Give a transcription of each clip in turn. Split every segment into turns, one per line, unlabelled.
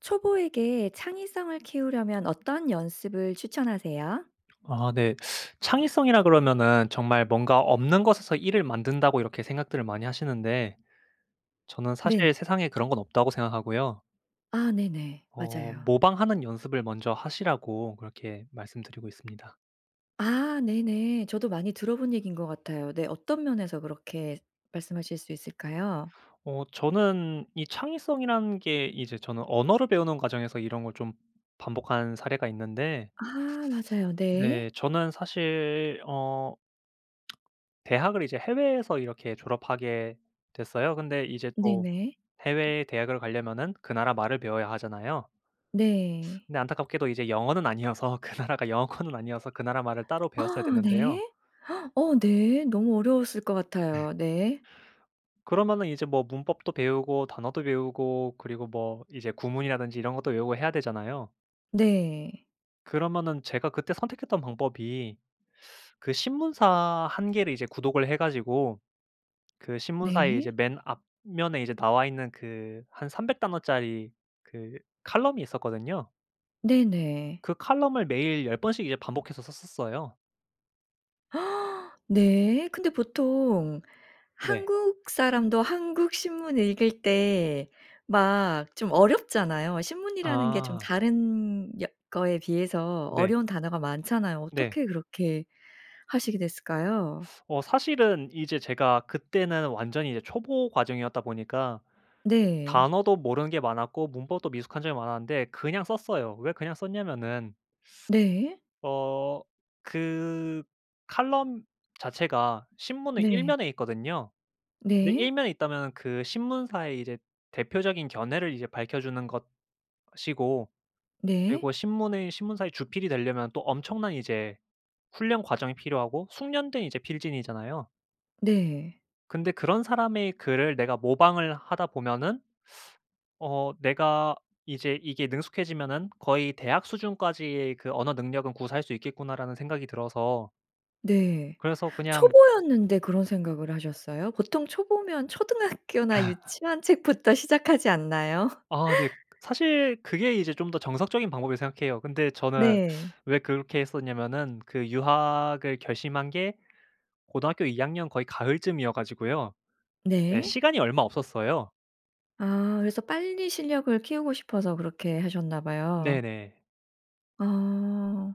초보에게 창의성을 키우려면 어떤 연습을 추천하세요?
아 네. 창의성이라 그러면은 정말 뭔가 없는 것에서 1 을 만든다고 이렇게 생각들을 많이 하시는데 저는 사실
네.
세상에 그런 건 없다고 생각하고요.
아 네네.
어
맞아요.
모방하는 연습을 먼저 하시라고 그렇게 말씀드리고 있습니다.
아 네네. 저도 많이 들어본 얘기인 것 같아요. 네 어떤 면에서 그렇게 말씀하실 수 있을까요?
어 저는 이 창의성이라는 게 이제 저는 언어를 배우는 과정에서 이런 걸 좀 반복한 사례가 있는데
아 맞아요. 네.
네. 저는 사실 어 대학을 이제 해외에서 이렇게 졸업하게 됐어요. 근데 이제 또
네네.
해외의 대학을 가려면은 그 나라 말을 배워야 하잖아요.
네.
근데 안타깝게도 이제 영어는 아니어서 그 나라가 영어권은 아니어서 그 나라 말을 따로 배웠어야
아
됐는데요.
네. 어 네 너무 어려웠을 것
네.
같아요. 네.
그러면은 이제 뭐 문법도 배우고 단어도 외우고 그리고 뭐 이제 구문이라든지 이런 것도 외우고 해야 되잖아요.
네.
그러면은 제가 그때 선택했던 방법이 그 신문사 1 개를 이제 구독을 해 가지고 그 신문사의 이제
네.
맨 앞면에 이제 나와 있는 그 한 300 단어짜리 그 칼럼이 있었거든요.
네네.
그 칼럼을 매일 10 번씩 이제 반복해서 썼었어요.
네. 근데 보통
네.
한국 사람도 한국 신문 읽을 때 막 좀 어렵잖아요. 신문이라는 게 좀
아.
다른 역 거에 비해서
네.
어려운 단어가 많잖아요.
네.
어떻게 그렇게 하시게 됐을까요?
어 사실은 이제 제가 그때는 완전히 이제 초보 과정이었다 보니까
네.
단어도 모르는 게 많았고 문법도 미숙한 점이 많았는데 그냥 썼어요. 왜 그냥 썼냐면은
네.
어 그 칼럼 자체가 신문의 1
네.
면에 있거든요. 근데 1
네.
면에 있다면은 그 신문사의 이제 대표적인 견해를 이제 밝혀 주는 것이고
네.
그리고 신문의 신문사의 주필이 되려면 또 엄청난 이제 훈련 과정이 필요하고 숙련된 이제 필진이잖아요.
네.
근데 그런 사람의 글을 내가 모방을 하다 보면은 어 '내가 이제 이게 능숙해지면은 거의 대학 수준까지의 그 언어 능력은 구사할 수 있겠구나.'라는 생각이 들어서
네.
그래서 그냥
초보였는데 그런 생각을 하셨어요? 보통 초보면 초등학교나 유치원 책부터 시작하지 않나요?
아 네. 사실 그게 이제 좀 더 정석적인 방법이라고 생각해요. 근데 저는
네.
왜 그렇게 했었냐면은 그 유학을 결심한 게 고등학교 2 학년 거의 가을쯤이어 가지고요. 네,
네.
시간이 얼마 없었어요.
아 그래서 빨리 실력을 키우고 싶어서 그렇게 하셨나 봐요.
네네.
어.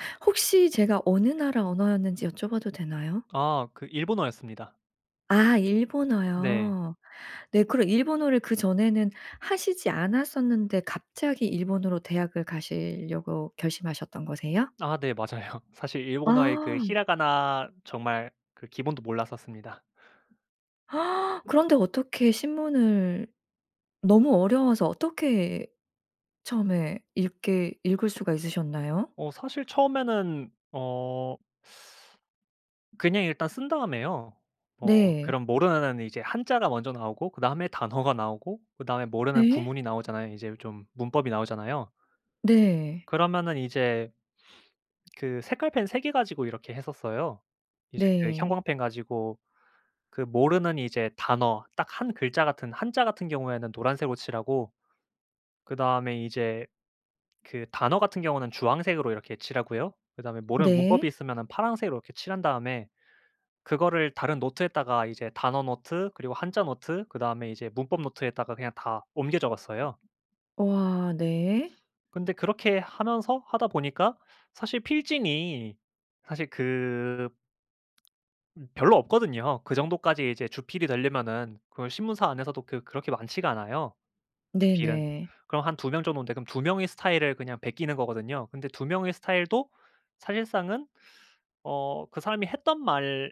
혹시 제가 어느 나라 언어였는지 여쭤봐도 되나요?
아 그 일본어였습니다.
아
네.
일본어요. 네 그럼 일본어를 그 전에는 하시지 않았었는데 갑자기 일본으로 대학을 가시려고 결심하셨던 거세요?
아 네 맞아요. 사실 일본어의 그
아.
히라가나 정말 그 기본도 몰랐었습니다.
그런데 어떻게 신문을 너무 어려워서 어떻게 처음에 읽게 읽을 수가 있으셨나요?
어 사실 처음에는 어 그냥 일단 쓴 다음에요. 어
네.
그럼 모르는 한자가 먼저 나오고 그다음에 단어가 나오고 그다음에 모르는
네.
구문이 나오잖아요. 이제 좀 문법이 나오잖아요.
네.
그러면은 이제 그 색깔펜 3 개 가지고 이렇게 했었어요. 이제 그
네.
형광펜 가지고 그 모르는 이제 단어, 딱 1 글자 같은 한자 같은 경우에는 노란색으로 칠하고 그다음에 이제 그 단어 같은 경우는 주황색으로 이렇게 칠하고요. 그다음에 모르는
네.
문법이 있으면은 파란색으로 이렇게 칠한 다음에 그거를 다른 노트에다가 이제 단어 노트 그리고 한자 노트 그다음에 이제 문법 노트에다가 그냥 다 옮겨 적었어요.
우와 네.
근데 그렇게 하면서 하다 보니까 사실 필진이 사실 그 음 별로 없거든요. 그 정도까지 이제 주필이 되려면은 그걸 신문사 안에서도 그 그렇게 많지가 않아요, 주필은.
네네.
그럼 한 2 명 정도인데 그럼 2 명의 스타일을 그냥 베끼는 거거든요. 근데 2 명의 스타일도 사실상은 어 그 사람이 했던 말,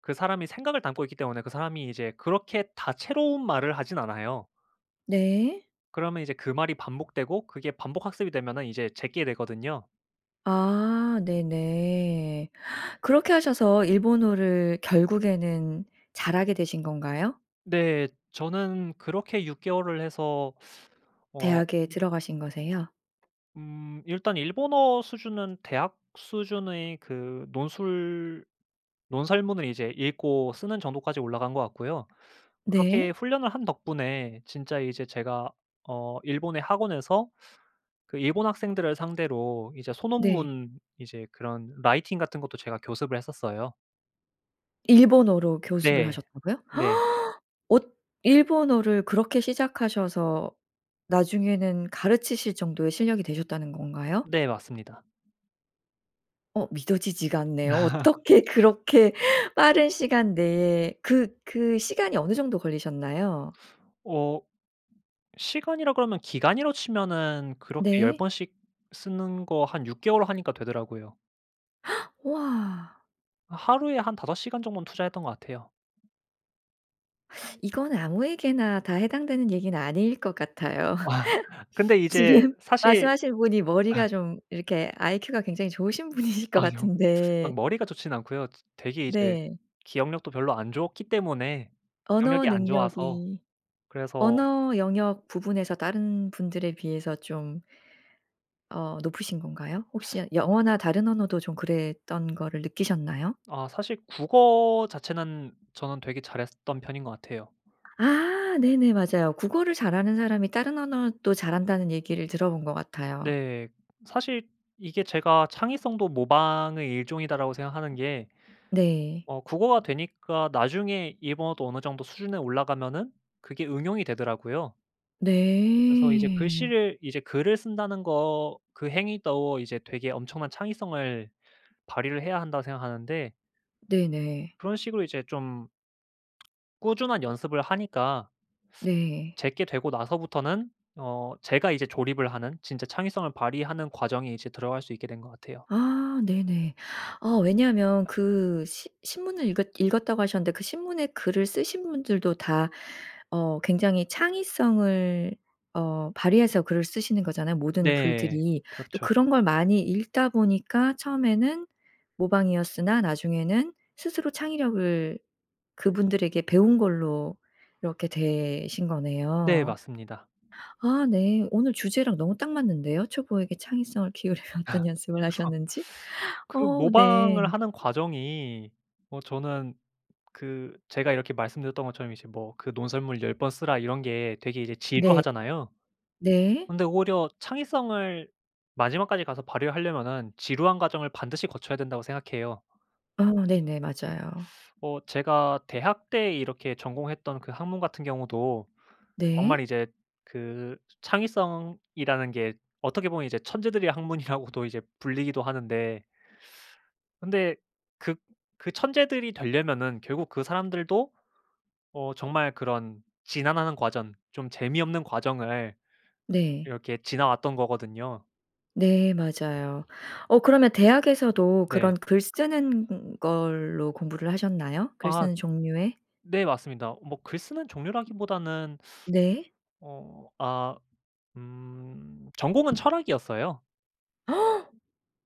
그 사람의 생각을 담고 있기 때문에 그 사람이 이제 그렇게 다채로운 말을 하지는 않아요.
네.
그러면 이제 그 말이 반복되고 그게 반복 학습이 되면은 이제 제 게 되거든요.
아 네네. 그렇게 하셔서 일본어를 결국에는 잘하게 되신 건가요?
네. 저는 그렇게 6 개월을 해서 어
대학에
음
들어가신 거세요?
음. 일단 일본어 수준은 대학 수준의 그 논술 논설문을 이제 읽고 쓰는 정도까지 올라간 것 같고요. 그렇게
네.
훈련을 한 덕분에 진짜 이제 제가 어 일본의 학원에서 그 일본 학생들을 상대로 이제
네.
소논문 이제 그런 라이팅 같은 것도 제가 교습을 했었어요.
일본어로 교습을
네.
하셨다고요?
네.
엇 일본어를 그렇게 시작하셔서 나중에는 가르치실 정도의 실력이 되셨다는 건가요?
네 맞습니다.
어 믿어지지가 않네요. 어떻게 그렇게 빠른 시간 내에 그 그 시간이 어느 정도 걸리셨나요?
어 시간이라 그러면 기간이라 치면은 그렇게 10
네.
번씩 쓰는 거 한 6 개월 하니까 되더라고요.
우와.
아 하루에 한 5 시간 정도는 투자했던 것 같아요.
이건 아무에게나 다 해당되는 얘기는 아닐 것 같아요.
근데 이제
지금
사실
말씀하시는 분이 머리가 좀 이렇게 아이큐가 굉장히 좋으신 분이실 것
아니요. 막
같은데.
머리가 좋지는 않고요. 지 되게 이제
네.
기억력도 별로 안 좋기 때문에
언어
기억력이 안 좋아서
능력이
그래서
언어 영역 부분에서 다른 분들에 비해서 좀 어 높으신 건가요? 혹시 아 영어나 다른 언어도 좀 그랬던 거를 느끼셨나요?
아 사실 국어 자체는 저는 되게 잘했었던 편인 것 같아요.
아. 네네 맞아요. 국어를 잘하는 사람이 다른 언어도 잘 한다는 얘기를 들어본 것 같아요.
네. 사실 이게 제가 '창의성도 모방의 일종이다.'라고 생각하는 게
네.
어 국어가 되니까 나중에 일본어도 어느 정도 수준에 올라 가면은 그게 응용이 되더라고요. 그래서 이제
네.
글씨를 이제 글을 쓴다는 거 그 행위도 이제 되게 엄청난 창의성을 발휘를 해야 한다고 생각하는데
네네.
그런 식으로 이제 좀 꾸준한 연습을 하니까
네.
제 게 되고 나서부터는 어 제가 이제 조립을 하는 진짜 창의성을 발휘하는 과정이 이제 들어갈 수 있게 된 것 같아요.
아 네네. 아 왜냐하면 그 시 신문을 읽었 읽었다고 하셨는데 그 신문에 글을 쓰신 분들도 다 어 굉장히 창의성을 어 발휘해서 글을 쓰시는 거잖아요, 모든
네.
글들이. 또
그렇죠.
그런 걸 많이 읽다 보니까 처음에는 모방이었으나 나중에는 스스로 창의력을 그분들에게 배운 걸로 이렇게 되신
네
거네요.
맞습니다.
아 네. 오늘 주제랑 너무 딱 맞는데요? 초보에게 창의성을 키우려면
그래서
어떤 연습을 하셨는지.
그
어 네.
모방을 하는 과정이 뭐 저는 그 제가 이렇게 말씀드렸던 것처럼 이제 뭐 그 "논설문을 10 번 쓰라" 이런 게 되게 이제
네.
지루하잖아요.
네.
근데 오히려 창의성을 마지막까지 가서 발휘를 하려면은 지루한 과정을 반드시 거쳐야 된다고 생각해요.
아 네네 맞아요.
어 제가 대학 때 이렇게 전공했던 그 학문 같은 경우도 정말
네.
이제 그 창의성이라는 게 어떻게 보면 이제 천재들의 학문이라고도 이제 불리기도 하는데, 근데 그 그 천재들이 되려면은 결국 그 사람들도 어 정말 그런 지난한 과정, 좀 재미없는 과정을
네.
이렇게 지나왔던 거거든요.
네 맞아요. 어 그러면 대학에서도
네.
그런 글 쓰는 걸로 공부를 하셨나요? 글
아.
쓰는 종류의?
네 맞습니다. 뭐 글 쓰는 종류라기보다는
네.
어 아 음 전공은 철학이었어요.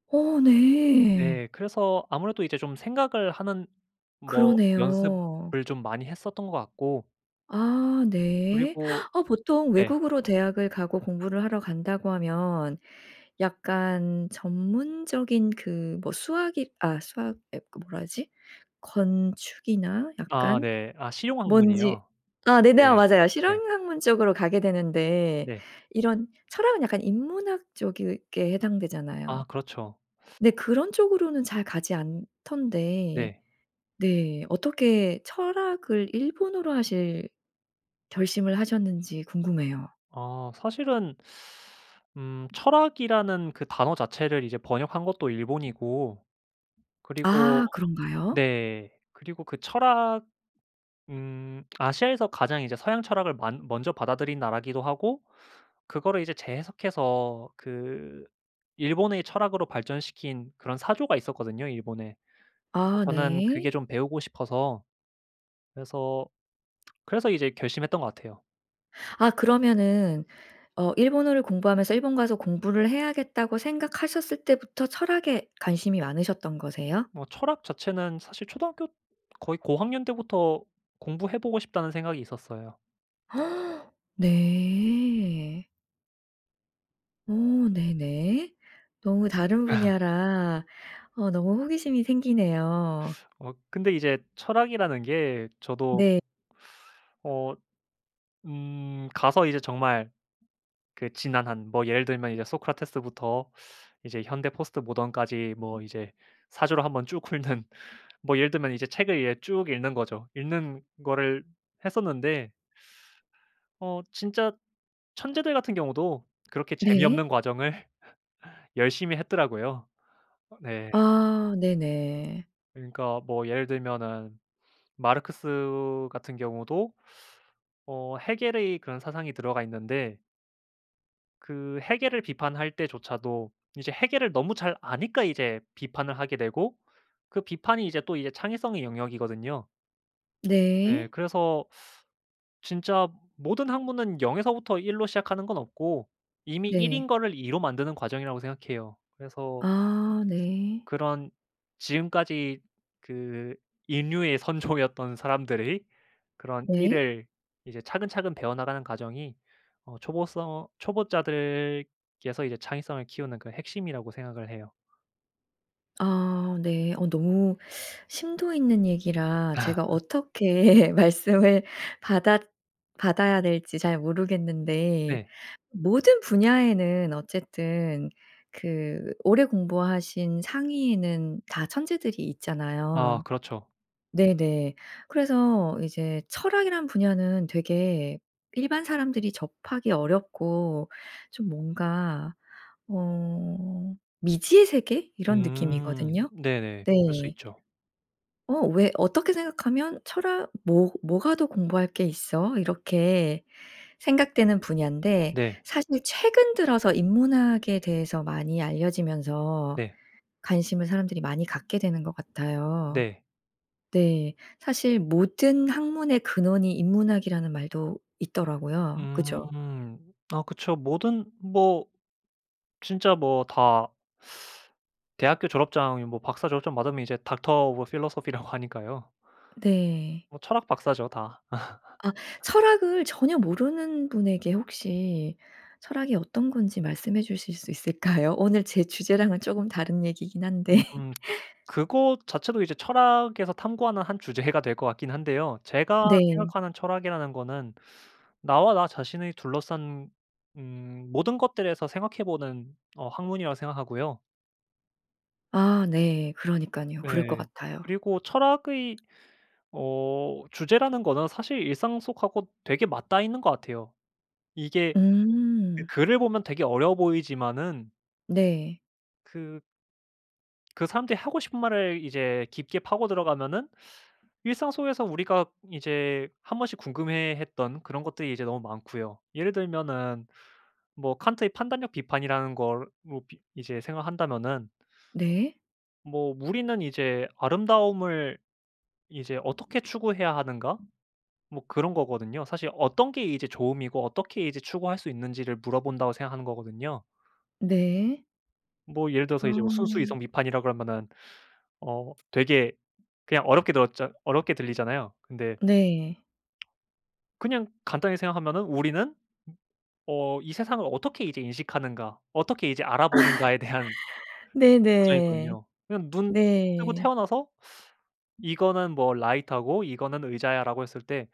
어 네.
네. 그래서 아무래도 이제 좀 생각을 하는 뭐
그러네요.
연습을 좀 많이 했었던 것 같고
아 네.
그리고
아 보통
네.
외국으로 대학을 가고 공부를 하러 간다고 하면 약간 전문적인 그 뭐 수학이 아 수학 아 그 뭐라 하지? 건축이나
아
약간
네. 아
뭔지
실용학문이요?
아 네네 아
예
맞아요.
예.
실용 학문 쪽으로 가게 되는데
네.
이런 철학은 약간 인문학 쪽에 해당되잖아요.
아 그렇죠.
네. 그런 쪽으로는 잘 가지 않던데
네.
네. 어떻게 철학을 일본어로 하실 결심을 하셨는지 궁금해요.
아 사실은 음 철학이라는 그 단어 자체를 이제 번역한 것도 일본이고 그리고
아 그런가요?
네 그리고 그 철학 음 아시아에서 가장 이제 서양철학을 만 먼저 받아들인 나라기도 하고 그거를 이제 재해석해서 그 일본의 철학으로 발전시킨 그런 사조가 있었거든요, 일본에. 그래서
아
저는
네.
그게 좀 배우고 싶어서 그래서, 그래서 이제 결심했던 거 같아요.
아 그러면은 어 일본어를 공부하면서 일본 가서 공부를 해야겠다고 생각하셨을 때부터 철학에 관심이 많으셨던 거세요?
뭐 철학 자체는 사실 초등학교 거의 고학년 때부터 공부해 보고 싶다는 생각이 있었어요.
네. 어 네네. 너무 다른 분야라 어 너무 호기심이 생기네요.
아 근데 이제 철학이라는 게 저도
네.
어 음 가서 이제 정말 그 지난한 뭐 예를 들면 이제 소크라테스부터 이제 현대 포스트모던까지 뭐 이제 사조를 한번 쭉 훑는. 뭐 예를 들면 이제 책을 이제 쭉 읽는 거죠. 읽는 거를 했었는데 어 진짜 천재들 같은 경우도 그렇게
네.
재미없는 과정을 열심히 했더라고요. 네.
아 네네.
그러니까 뭐 예를 들면은 마르크스 같은 경우도 어 헤겔의 그런 사상이 들어가 있는데 그 헤겔을 비판할 때조차도 이제 헤겔을 너무 잘 아니까 이제 비판을 하게 되고 그 비판이 이제 또 이제 창의성의 영역이거든요. 예.
네.
그래서 진짜 모든 학문은 0 에서부터 1 로 시작하는 건 없고 이미 1 인
네.
거를 2 로 만드는 과정이라고 생각해요. 그래서
아 네.
그런 지금까지 그 인류의 선조였던 사람들의 그런 1
네.
을 이제 차근차근 배워나가는 과정이 어 초보써 초보자들께서 이제 창의성을 키우는 그 핵심이라고 생각을 해요.
아 네. 어 너무 심도 있는 얘기라 제가 어떻게 말씀을 받았 받아야 될지 잘 모르겠는데
네.
모든 분야에는 어쨌든 그 오래 공부하신 상위에는 다 천재들이
아
있잖아요.
그렇죠.
네네. 그래서 이제 철학이란 분야는 되게 일반 사람들이 접하기 어렵고 좀 뭔가 어 미지의 세계? 이런
음
느낌이거든요.
네네. 그럴 수
네.
있죠.
어 왜 어떻게 생각하면 철학, 뭐 뭐가 더 공부할 게 있어? 이렇게 생각되는 분야인데
네.
사실 최근 들어서 인문학에 대해서 많이 알려지면서
네.
관심을 사람들이 많이 갖게 되는 것 같아요.
네.
네. 사실 모든 학문의 근원이 인문학이라는 말도 있더라고요. 그죠?
음. 아 그쵸. 모든 뭐 진짜 뭐 다 대학교 졸업장이 뭐 박사 졸업장 받으면 이제 Doctor of Philosophy 라고 하니까요.
네.
어 철학 박사죠 다.
아. 철학을 전혀 모르는 분에게 혹시 철학이 어떤 건지 말씀해 주실 수 있을까요? 오늘 제 주제랑은 조금 다른 얘기긴 한데.
음. 그것 자체도 이제 철학에서 탐구하는 한 주제가 될 거 같긴 한데요. 제가
네.
생각하는 철학이라는 거는 나와 나 자신의 둘러싼 음 모든 것들에서 생각해 보는 어 학문이라고 생각하고요.
아 네 그러니깐요. 그럴 것
네.
같아요.
그리고 철학의 어 주제라는 거는 사실 일상 속하고 되게 맞닿아 있는 것 같아요. 이게 그
음.
글을 보면 되게 어려워 보이지만은
네.
그 그 사람들이 하고 싶은 말을 이제 깊게 파고 들어가면은 일상 속에서 우리가 이제 한번씩 궁금해했던 그런 것들이 이제 너무 많고요. 예를 들면은 뭐 칸트의 판단력 비판이라는 걸로 비 이제 생각한다면은
네.
뭐 '우리는 이제 아름다움을 이제 어떻게 추구해야 하는가?' 뭐 그런 거거든요. 사실 어떤 게 이제 좋음이고 어떻게 이제 추구할 수 있는지를 물어본다고 생각하는 거거든요.
네.
뭐 예를 들어서 이제
어.
순수이성비판이라 그러면은 어 되게 그냥 어렵게 들었잖 어렵게 들리잖아요. 근데
네.
그냥 간단히 생각하면은 '우리는 어 이 세상을 어떻게 이제 인식하는가. 어떻게 이제 알아보는가'에 대한
네네.
과정이거든요. 그냥 눈 뜨고
네.
태어나서 "이거는 뭐 라이터고 이거는 의자야."라고 했을 때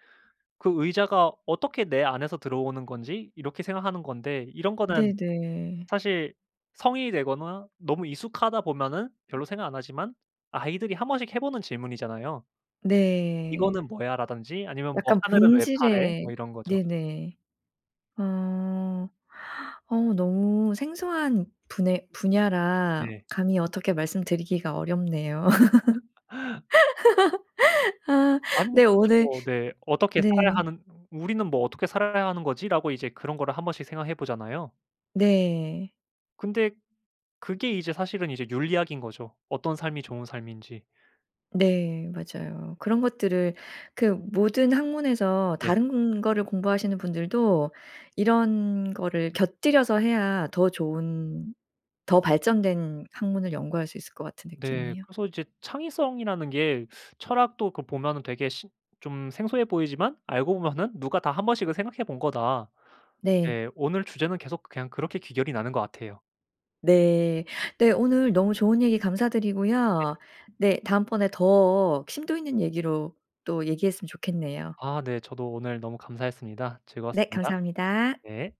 그 의자가 어떻게 내 안에서 들어오는 건지 이렇게 생각하는 건데 이런 거는
네네.
사실 성인이 되거나 너무 익숙하다 보면은 별로 생각 안 하지만 아이들이 한번씩 해 보는 질문이잖아요.
네.
"이거는 뭐야?" 라든지 아니면 뭐
약간
"하늘은 왜 파래?"
본질의
뭐 이런 거죠.
네네. 어. 어 너무 생소한 분해 분야라
네.
감히 어떻게 말씀드리기가 어렵네요. 아
아니면
네
진짜
오늘
뭐 네 어떻게
네.
살아야 하는 '우리는 뭐 어떻게 살아야 하는 거지?'라고 이제 그런 거를 한번씩 생각해 보잖아요.
네.
근데 그게 이제 사실은 이제 윤리학인 거죠. 어떤 삶이 좋은 삶인지.
네 맞아요. 그런 것들을 그 모든 학문에서
네.
다른 거를 공부하시는 분들도 이런 거를 곁들여서 해야 더 좋은 더 발전된 학문을 연구할 수 있을 것 같은
네.
느낌이에요.
그래서 이제 창의성이라는 게 철학도 그 보면은 되게 신 좀 생소해 보이지만 알고 보면은 누가 다 한번씩은 생각해 본 거다.
네.
네, 오늘 주제는 계속 그냥 그렇게 귀결이 나는 거 같아요.
네. 네 오늘 너무 좋은 얘기 감사드리고요.
네.
네 다음번에 더 심도 있는 얘기로 또 얘기했으면 좋겠네요.
아 네. 저도 오늘 너무 감사했습니다.
네
즐거웠습니다.
감사합니다.
네.